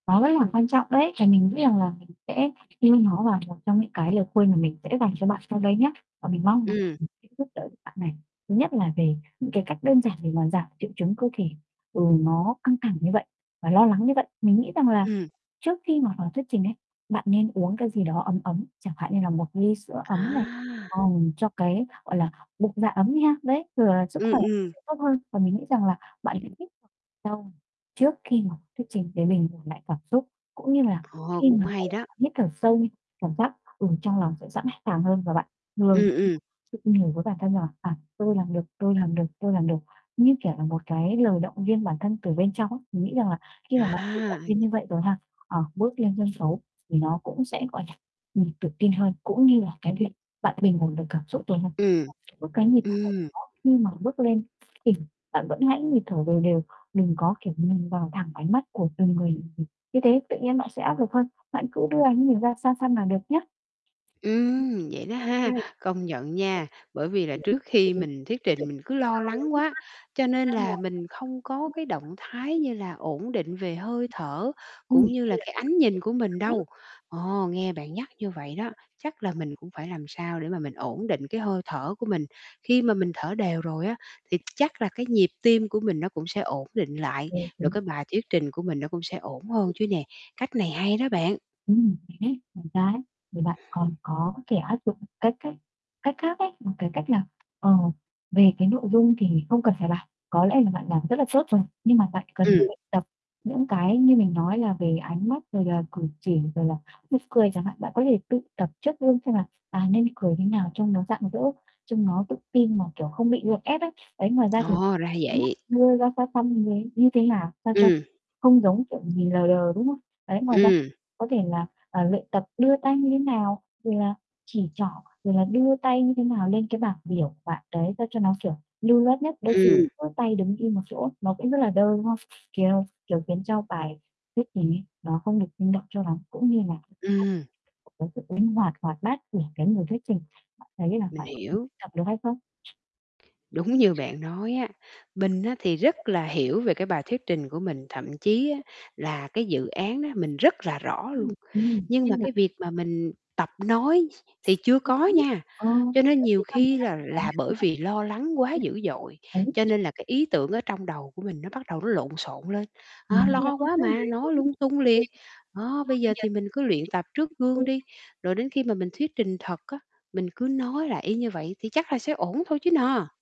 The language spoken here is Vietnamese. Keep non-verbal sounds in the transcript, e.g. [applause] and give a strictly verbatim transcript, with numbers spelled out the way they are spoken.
Nó rất là quan trọng đấy và mình nghĩ rằng là mình sẽ yêu nó, và một trong những, cái, lời khuyên mà mình sẽ dành cho bạn sau đây nhá, và mình mong [unintelligible] Ừm. sẽ giúp đỡ được bạn này. Thứ nhất là về những cái cách đơn giản để mà giảm triệu chứng cơ thể, ừ, nó căng thẳng như vậy và lo lắng như vậy, mình nghĩ rằng là Ừm. trước khi mà vào thuyết trình ấy, bạn nên uống cái gì đó ấm ấm, chẳng hạn như là một ly sữa ấm này, À! ờ, cho cái, gọi là, bụng dạ ấm đi ha, đấy, rồi là sức Ừm, khỏe ừm. sẽ tốt hơn. Và mình nghĩ rằng là bạn hãy hít sâu trước khi mà thuyết trình, để bình ổn lại cảm xúc, cũng như là Ồ, khi cũng mà, gọi hay là, đó! bạn hít thở sâu, cảm giác, ừ, trong lòng sẽ sẵn sàng hơn, và bạn vừa Ừm, ừm. tự nhủ với bản thân rằng: "À, tôi làm được, tôi làm được, tôi làm được", như, kiểu là, cái lời động viên bản thân từ bên trong á. Mình nghĩ rằng là khi mà bạn tự À! động viên như vậy rồi ha, ờ, bước lên sân xấu thì nó cũng sẽ, gọi là, ừm, tự tin hơn, cũng như là cái việc bạn bình ổn được cảm xúc rồi mà Ừm, giữ cái nhịp thở ừm. đó khi mà bước lên thì bạn vẫn hãy nhịp thở đều đều, đừng có, kiểu, nhìn vào thẳng ánh mắt của từng người, ừm, như thế tự nhiên bạn sẽ áp lực hơn. Bạn cứ đưa ánh nhìn ra xa xăm là được nhá. Ừm, vậy đó ha! Ừm. Công nhận nha, bởi vì là trước khi mình thuyết trình mình cứ lo lắng quá, cho nên là mình không có cái động thái như là ổn định về hơi thở, cũng như là cái Ừm. ánh nhìn của mình đâu. Ồ, nghe bạn nhắc như vậy đó, chắc là mình cũng phải làm sao để mà mình ổn định cái hơi thở của mình. Khi mà [unintelligible] mình thở đều rồi á thì chắc là cái nhịp tim của mình nó cũng sẽ ổn định lại, Ờ, rồi đúng. cái bài thuyết trình của mình nó cũng sẽ ổn hơn chứ nè. Cách này hay đó bạn! Ừm, [unintelligible] ngoài ra ấy, thì bạn còn có thể áp dụng cái cách cách khác ấy, một, cái, cách là, ờ, về, cái, nội dung thì không cần phải bảo, có lẽ là bạn làm rất là tốt rồi, nhưng mà bạn cần Ừm. luyện tập những cái như mình nói là về ánh mắt, rồi là cử chỉ, rồi là nụ cười chẳng hạn. Bạn có thể tự tập trước gương xem là, à, nên cười thế nào trông nó rạng rỡ, trông nó tự tin mà, kiểu, không bị gượng ép ấy. Đấy, ngoài ra thì Ồ, ra ánh mắt vậy. đưa ra xa xăm như thế như thế nào sao cho Ừm. không giống, kiểu, nhìn lờ đờ, đúng không? Đấy, ngoài ra Ừm. có thể là, ờ, luyện tập đưa tay như thế nào, rồi là chỉ trỏ, rồi là đưa tay như thế nào lên cái bảng biểu của bạn đấy, sao cho nó, siểu, lưu loát nhất. Đôi khi Ừm. cứ tay đứng im một chỗ nó cũng rất là đơ, đúng không? Kiều kiểu, khiến cho bài thuyết trình ấy nó không được sinh động cho lắm cũng như là [unintelligible] Ừm. cái sự linh hoạt, hoạt bát của cái người thuyết trình. Bạn thấy là Mình bạn có thể hiểu. luyện tập được hay không? Đúng như bạn nói á, mình á thì rất là hiểu về cái bài thuyết trình của mình, thậm chí á là cái dự án đó mình rất là rõ luôn. [unintelligible] Nhưng mà, cái, việc mà mình tập nói thì chưa có nha. Ờ [unintelligible] Cho nên nhiều khi là là bởi vì lo lắng quá dữ dội, đấy. cho nên là cái ý tưởng ở trong đầu của mình nó bắt đầu nó lộn xộn lên, đó, Ừm lo quá mà, nói lung tung liền. Đó, bây giờ thì mình cứ luyện tập trước gương đi, rồi đến khi mà mình thuyết trình thật á, mình cứ nói lại y như vậy thì chắc là sẽ ổn thôi chứ nà.